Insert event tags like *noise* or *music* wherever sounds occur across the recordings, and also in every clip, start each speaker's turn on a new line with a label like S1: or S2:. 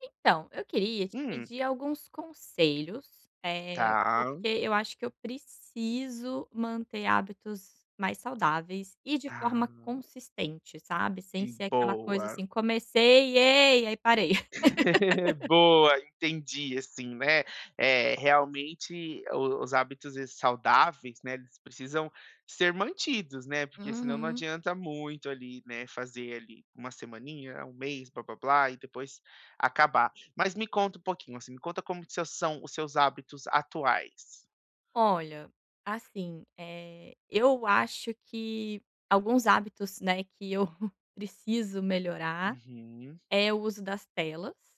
S1: Então, eu queria te
S2: Hum.
S1: pedir alguns conselhos, eh,
S2: Tá.
S1: porque eu acho que eu preciso manter hábitos mais saudáveis e de
S2: Ah.
S1: forma consistente, sabe. Sem
S2: Hum.
S1: ser aquela coisa
S2: Boa.
S1: assim, comecei, ei, aí parei.
S2: *laughs*
S1: *laughs*
S2: Boa, entendi, assim, né, eh, realmente o os hábitos saudáveis, né, eles precisam ser mantidos, né, porque senão não
S1: Uhum.
S2: adianta muito ali, né, fazer ali 1 semaninha, 1 mês, blá, blá, blá, e depois acabar. Mas me conta um pouquinho, assim, me conta como que s são os seus hábitos atuais.
S1: Olha, assim, eh, eu acho que alguns hábitos, né, que eu *chuckles* preciso melhorar,
S2: Uhum.
S1: é o uso das telas.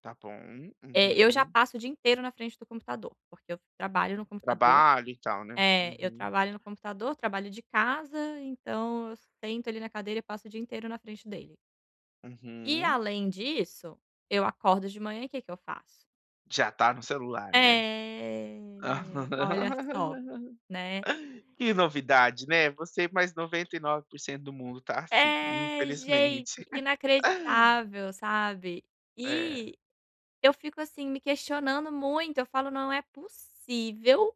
S2: Tá bom,
S1: Eh, eu já
S2: uhum.
S1: passo o dia inteiro na frente do computador, porque eu trabalho no computador
S2: Trabalho e tal, né.
S1: é, eu
S2: Uhum.
S1: trabalho no computador, trabalho de casa, então eu sento ali na cadeira e passo o dia inteiro na frente dele. E
S2: Uhum.
S1: além disso, eu acordo de manhã, e que que eu faço?
S2: Já está no celular, né.
S1: É. Olha só, né.
S2: *laughs* Que novidade, né, você mais 99% do mundo tá assim,
S1: É, gente,
S2: infelizmente. *chuckles*
S1: inacreditável, sabe.
S2: É.
S1: E eu fico, assim, me questionando muito, eu falo: "Não é possível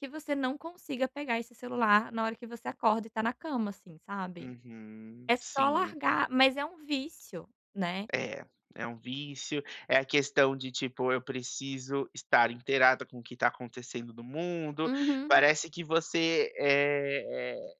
S1: que você não consiga pegar esse celular na hora que você acorda e está na cama assim, sabe".
S2: Uhum.
S1: É só
S2: Sim.
S1: largar, mas é um vício, né?
S2: É, é um vício, é a questão de, tipo, eu preciso estar inteirada com o que está acontecendo no mundo.
S1: Uhum.
S2: Parece que você, eh eh,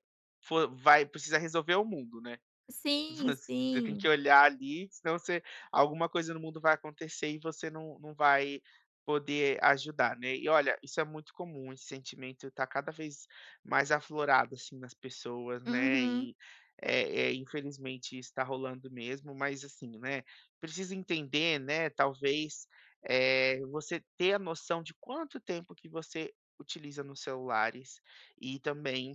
S2: fo vai precisa resolver o mundo, né?
S1: Sim,
S2: Voc você tem que
S1: sim.
S2: olhar ali senão você alguma coisa no mundo vai acontecer e você não não vai poder ajudar, né. E, olha, isso é muito comum, esse sentimento está cada vez mais aflorado, assim, nas pessoas, né,
S1: Uhum.
S2: e, eh eh, infelizmente isso tá rolando mesmo mas, assim, né, precisa entender, né, talvez, eh, você ter a noção de quanto tempo que você utiliza nos celulares, e também